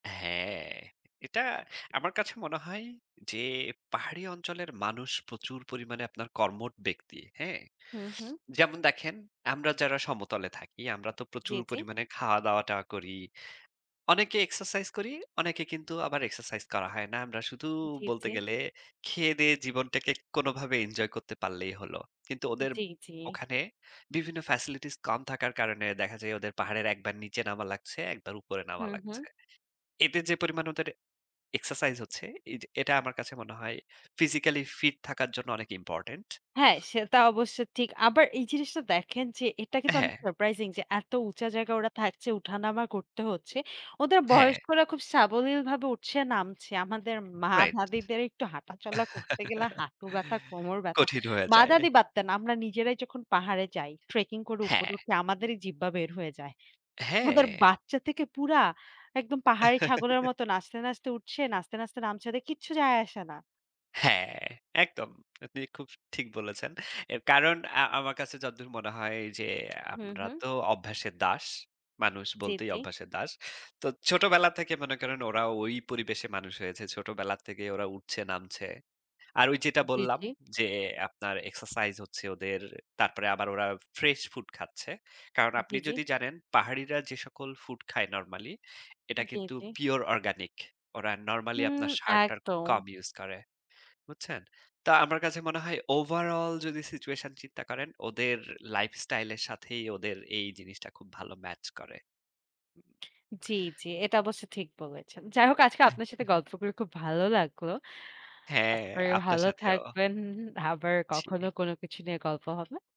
হ্যাঁ, এটা আমার কাছে মনে হয় যে পাহাড়ি অঞ্চলের মানুষ প্রচুর পরিমাণে আপনার কর্মঠ ব্যক্তি। হ্যাঁ? হুম, হুম। যেমন দেখেন আমরা যারা সমতলে থাকি, আমরা তো জি, প্রচুর জি। পরিমাণে খাওয়া-দাওয়া-টাওয়া করি। অনেকে এক্সারসাইজ করি, অনেকে কিন্তু আবার এক্সারসাইজ করা হয় না। আমরা শুধু জি, বলতে জি। গেলে খেয়ে-দেয়ে জীবনটাকে কোনভাবে এঞ্জয় করতে পারলেই হলো। কিন্তু ওদের জি, জি। ওখানে বিভিন্ন ফেসিলিটিস কম থাকার কারণে দেখা যায় ওদের পাহাড়ের একবার নিচে নামা লাগছে, একবার উপরে নামা হুম, হুম। লাগছে। এতে যে পরিমাণে ওদের এক্সারসাইজ হচ্ছে, এইযে এটা আমার কাছে মনে হয় physically fit থাকার জন্য অনেক ইম্পোর্টেন্ট। হ্যাঁ, সেটা অবশ্য ঠিক। আবার এই জিনিসটা দেখেন যে, এটা কিন্তু অনেক হ্যাঁ। সারপ্রাইজিং যে এত উঁচা জায়গায় ওরা থাকছে, উঠানামা করতে হচ্ছে। ওদের হ্যাঁ। বয়স্করা খুব সাবলীলভাবে উঠছে, নামছে। আমাদের মা রাইট। দাদিদের একটু হাঁটাচলা করতে গেলে হাঁটু ব্যাথা, কোমর ব্যাথা। কঠিন হয়ে মা যায়। দাদি বাদ দেন, আমরা নিজেরাই যখন পাহাড়ে যাই, ট্রেকিং করে উপরে হ্যাঁ। উঠে আমাদেরই জিব্বা বের হয়ে যায়। ওদের হ্যাঁ। বাচ্চা থেকে পুরা একদম পাহাড়ি ছাগলের মতো নাচতে, নাচতে উঠছে। নাচতে, নাচতে নামছে। ওদের কিচ্ছু যায় আসে না। হ্যাঁ, একদম। আপনি খুব স ঠিক বলেছেন। অ্যা কারণ আ আমার কাছে যদ্দুর মনে হয় যে হুম, আমরা হুম। তো অভ্যাসের দাস। মানুষ জি, বলতেই জি। অভ্যাসের দাস। তো ছোটবেলা থেকে মনে করেন ওরা ওই পরিবেশে মানুষ হয়েছে। ছোটবেলা থেকে ওরা উঠছে, নামছে। আর ওই যেটা জি, বললাম জি। যে আপনার এক্সারসাইজ হচ্ছে ওদের। তারপরে আবার ওরা ফ্রেশ ফুড খাচ্ছে। কারণ জি, আপনি জি। যদি জানেন পাহাড়িরা যে সকল ফুড খায় নরমালি, এটা জি, কিন্তু জি। Pure organic. ওরা নরমালি হুম। আপনার সার-টার একদম। কম ইউজ করে। বুঝছেন? তো আমার কাছে মনে হয় ওভারঅল যদি সিচুয়েশন চিন্তা করেন, ওদের লাইফস্টাইলের সাথেই ওদের এই জিনিসটা খুব ভালো ম্যাচ করে। জি, জি। এটা অবশ্য ঠিক বলেছেন। যাই হোক আজকে আপনার সাথে উ-হু। গল্প করে খুব ভালো লাগলো। হ্যাঁ, আশা করি আপনার ভালো সাথেও। থাকবেন। ইন আবার জি। কখনো কোন কিছু নিয়ে গল্প হবে।